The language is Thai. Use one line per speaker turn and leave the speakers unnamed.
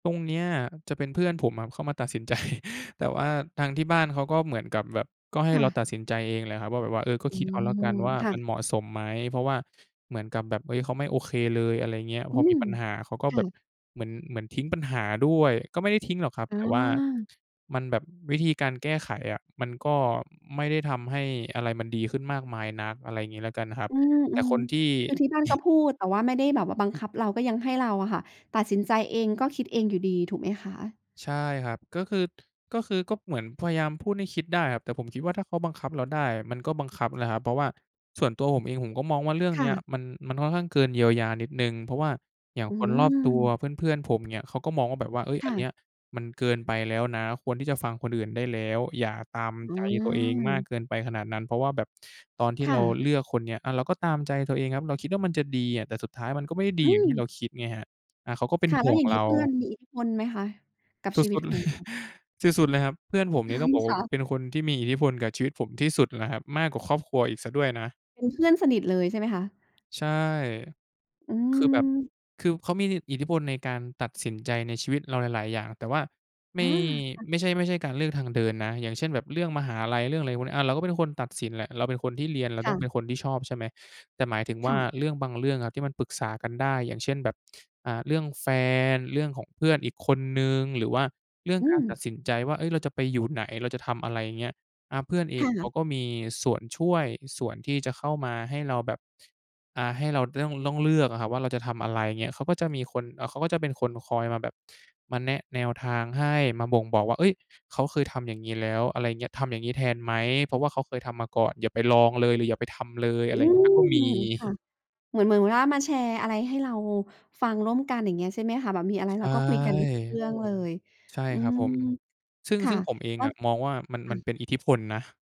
ตรงเนี้ยจะเป็นเพื่อนผมอะเข้ามาตัดสิน ใจ แต่ว่าทางที่บ้านเขาก็เหมือนกับแบบ ก็ให้
ค่
เรา
ะ
ตัดสินใจเองแหละครับว่า แบบว่า "เออ ก็
อื
คิดเอาแล้วกัน
ม
ว่า
ค่
มัน
ะ
เหมาะสมไหม?" เพราะว่า เหมือนกับแบบ เฮ้ย เขาไม่โอเคเลย อะไรเงี้ย
อ
พ
ื
อมี
ม
ปัญหาเขาก็
ค
แ
่
บบ
ะ
เหมือน เหมือนทิ้งปัญหาด้วย ก็ไม่ได้ทิ้งหรอกครับ
อ
แต่ว่า
า
มันแบบ วิธีการแก้ไขอะมันก็ไม่ได้ทำให้อะไรมันดีขึ้นมากมายนัก อะไรงี้แล้วกันครับ
อื
แต่ค
ม
นที่
ๆ คือที่บ้านก็พูด แต่ว่าไม่ได้แบบว่าบังคับเรา ก็ยังให้เราอะค่ะตัดสินใจเอง ก็คิดเองอยู่ดี ถูกไหมคะ?
ใช่ครับ ก็คือ ก็คือ ก็เหมือนพยายามพูดให้คิดได้ครับ แต่ผมคิดว่าถ้าเขาบังคับเราได้อะ มันก็บังคับนั่นแหละครับ เพราะว่าส่วนตัวผมเองผมก็มองว่าเรื่อง
ค
น
่
ี้
ะ
มัน มันค่อนข้างเกินเยียวยานิดหนึ่ง เพราะว่าอย่าง
อื
คนรอบตัว
อ
เพื่อน ๆ ผมเนี่ย เขาก็มองว่า แบบว่า "เฮ้ย
ค
อ
่
ันเน
ะ
ี้ย มันเกินไปแล้วนะ ควรที่จะฟังคนอื่นได้แล้ว อย่าตาม
อื
ใจตัวเองมาก
ม
เกินไปขนาดนั้น" เพราะว่าแบบตอนที่
ค
เร
่
า
ะ
เลือกคนนี้ อา เราก็ตามใจตัวเองครับ เราคิดว่ามันจะดีอะ แต่สุดท้ายมันก็ไม่ได้ดี
อ
อย่างที่เ
ือ
ราคิดไงครับ อา เขาก็เป็น
ค่ะ
ห
แล้
่
ว
ว
อย
ง
่าง
เร
งี้
า
เพื่อนมีอิทธิพลไหมคะกับ
ส
ชีวิ
ุ
ต
ด ๆ
ข
เล
อง
ย
เรา?
สุด ๆ เลยครับ เพื่อนผมเนี่ย ต้องบอกว
ค
่า
่ะ
เป็นคนที่มีอิทธิพลกับชีวิตผมที่สุดแล้วครับ มากกว่าครอบครัวอีกเสียด้วยนะ
เป็นเพื่อนสนิทเลยใช่ไหมคะ?
ใช่
อื
คือแบบ
ม
คือเขามีอิท อิทธิพลในการตัดสินใจในชีวิตเราหลาย ๆ อย่าง แต่ว่าไม
อา
่
ค่ะ
ไม่ใช่ ไม่ใช่การเลือกทางเดินนะ อย่างเช่น แบบเรื่องมหาลัย เรื่องอะไรพวกนี้ อา เราก็เป็นคนตัดสินแหละ เราเป็นคนที่เรียน เรา
ค
ต
่
้อง
ะ
เป็นคนที่ชอบ ใช่ไหม แต่หมายถึงว
ค
่
่
า
ะ
เรื่องบางเรื่องอะที่มันปรึกษากันได้ อย่างเช่น แบบ อ่า เรื่องแฟน เรื่องของเพื่อนอีกคนหนึ่ง หรือว่าเรื่อง
อื
การ
ม
ตัดสินใจว่า "เฮ้ย เราจะไปอยู่ไหน เราจะทำอะไร?" อย่างเงี้ย อา เพื่อนเอ
ค
งเ
่
ขา
ะ
ก็มีส่วนช่วย ส่วนที่จะเข้ามาให้เราแบบ อ่า ให้เรา ด ด้อง ต้องเลือกอะครับว่าเราจะทำอะไร อย่างเงี้ย เขาก็จะมีคน เอ่อ เขาก็จะเป็นคนคอยมาแบบ มาแนะแนวทางให้ มาบ่งบอกว่า "เฮ้ย เขาเคยทำอย่างงี้แล้ว" อะไรเงี้ย "ทำอย่างนี้แทนไหม? เพราะว่าเขาเคยทำมาก่อน อย่าไปลองเลย หรืออย่าไปทำเลย" อ
อื
ะไรเงี้ย ก็
ม
มี
ค่ะ เหมือน เหมือ เหมือนว่า มาแชร์อะไรให้เราฟังร่วมกัน อย่างเงี้ย ใช่ไหมคะ แบบมีอะไร
ใช
เรา
่
ก็คุยกันได้ ทุกเรื่องเลย
ใช่
อื
ครับ
ม
ผม ซึ่ง
ค่
ซ
ะ
ึ่งผมเอง
ก็
อะมองว่ามัน
ค
ม
่
ัน
ะ
เป็นอิทธิพลนะ